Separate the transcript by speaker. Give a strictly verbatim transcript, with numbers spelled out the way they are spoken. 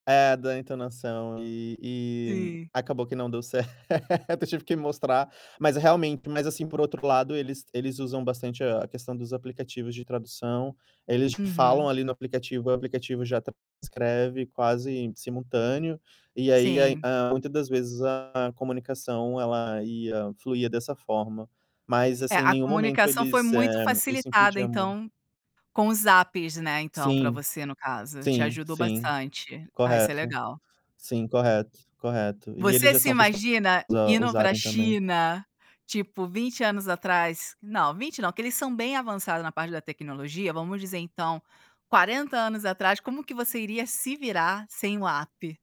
Speaker 1: É, da entonação e e
Speaker 2: Sim.
Speaker 1: acabou que não deu certo, eu tive que mostrar, mas realmente mas assim, por outro lado, eles eles usam bastante a a questão dos aplicativos de tradução. Eles falam
Speaker 2: Uhum.
Speaker 1: ali no aplicativo, e o aplicativo já transcreve quase simultâneo, e aí,
Speaker 2: Sim.
Speaker 1: a muitas das vezes, a comunicação, ela ia fluía dessa forma. Mas,
Speaker 2: É,
Speaker 1: assim,
Speaker 2: a
Speaker 1: nenhum momento
Speaker 2: comunicação foi
Speaker 1: eles
Speaker 2: muito
Speaker 1: eh, isso
Speaker 2: facilitada,
Speaker 1: incutia muito.
Speaker 2: então, com os apps, né, então, para
Speaker 1: Sim,
Speaker 2: você, no caso, te
Speaker 1: sim,
Speaker 2: ajudou
Speaker 1: sim.
Speaker 2: bastante. Ah, isso é
Speaker 1: Correto,
Speaker 2: legal.
Speaker 1: sim, correto, correto. E eles
Speaker 2: Você
Speaker 1: já
Speaker 2: se
Speaker 1: são acostumados
Speaker 2: imagina
Speaker 1: a
Speaker 2: indo para a
Speaker 1: usarem também.
Speaker 2: China, tipo, vinte anos atrás? Não, vinte não, porque eles são bem avançados na parte da tecnologia, vamos dizer então, quarenta anos atrás, como que você iria se virar sem o app?